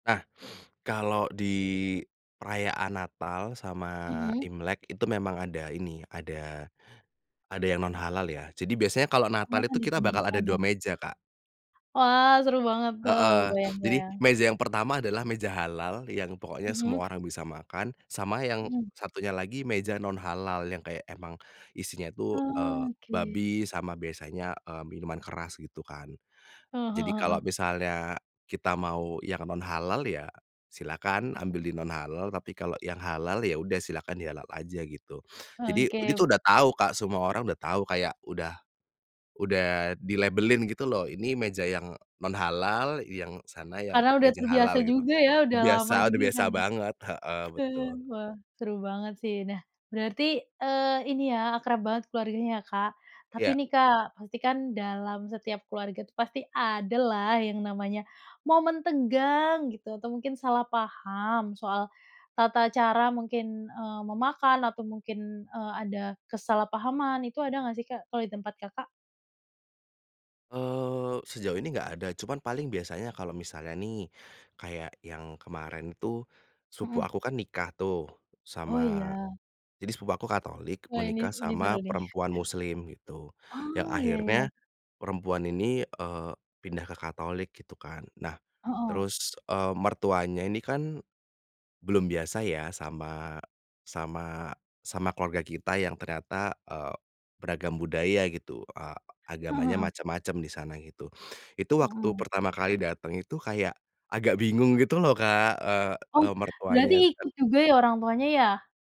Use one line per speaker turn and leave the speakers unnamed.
Nah kalau di perayaan Natal sama
Mhm.
Imlek itu memang ada ini ada ada yang non halal ya jadi biasanya kalau
Oh
Natal itu kita bakal ada
disendirikan ya.
2 meja Kak.
Wah seru banget tuh,
Heeh,
kebayang
jadi
kebayang.
meja yang pertama adalah meja halal yang pokoknya
Mhm.
semua orang bisa makan sama yang
Mhm.
satunya lagi meja non halal yang kayak emang, isinya itu, eee,
Oke.
babi sama biasanya, eee, minuman keras gitu kan,
Heeh
jadi
heeh.
kalau misalnya kita mau yang non halal ya, silahkan ambil di non halal tapi kalau yang halal ya udah silakan di halal aja gitu.
Oh,
Jadi ini
oke.
itu udah tahu Kak, semua orang udah tahu, kayak udah udah dilabelin gitu loh, ini meja yang non halal, yang sana yang
Karena udah
meja
terbiasa
halal gitu,
juga ya udah lama
biasa, udah
juga
biasa
kan ya,
banget, heeh,
heeh,
betul.
wah seru banget sih. Nah berarti, eee, ini ya akrab banget keluarganya ya Kak, tapi
Iya.
nih Kak pasti kan dalam setiap keluarga tuh pasti adalah yang namanya momen tegang gitu, atau mungkin salah paham soal tata cara mungkin, eee, memakan atau mungkin, eee, ada kesalahpahaman itu ada nggak sih Kak kalau di tempat Kakak?
Eee, sejauh ini enggak ada cuman paling biasanya kalau misalnya nih, kayak yang kemarin tuh, sepupu
Mhm.
aku kan nikah tuh
Oh
sama
iya.
jadi sepupu aku Katolik
Wah ini
menikah
ini
sama
seru nih.
perempuan Muslim, gitu, yang
Oh, iya
akhirnya,
iya.
perempuan ini, eee, pindah ke Katolik gitu kan, nah,
Heeh.
terus, eee, mertuanya ini kan, belum biasa ya sama sama sama keluarga kita yang ternyata, eee, beragam budaya gitu, eee,
Heeh
agamanya
heeh.
macem-macem di sana gitu, itu waktu
Mhm.
pertama kali dateng itu kayak, agak bingung gitu loh Kak, eee
Oh
eee,
berarti
mertuanya.
ikut
[unintelligible]
juga ya orang tuanya ya?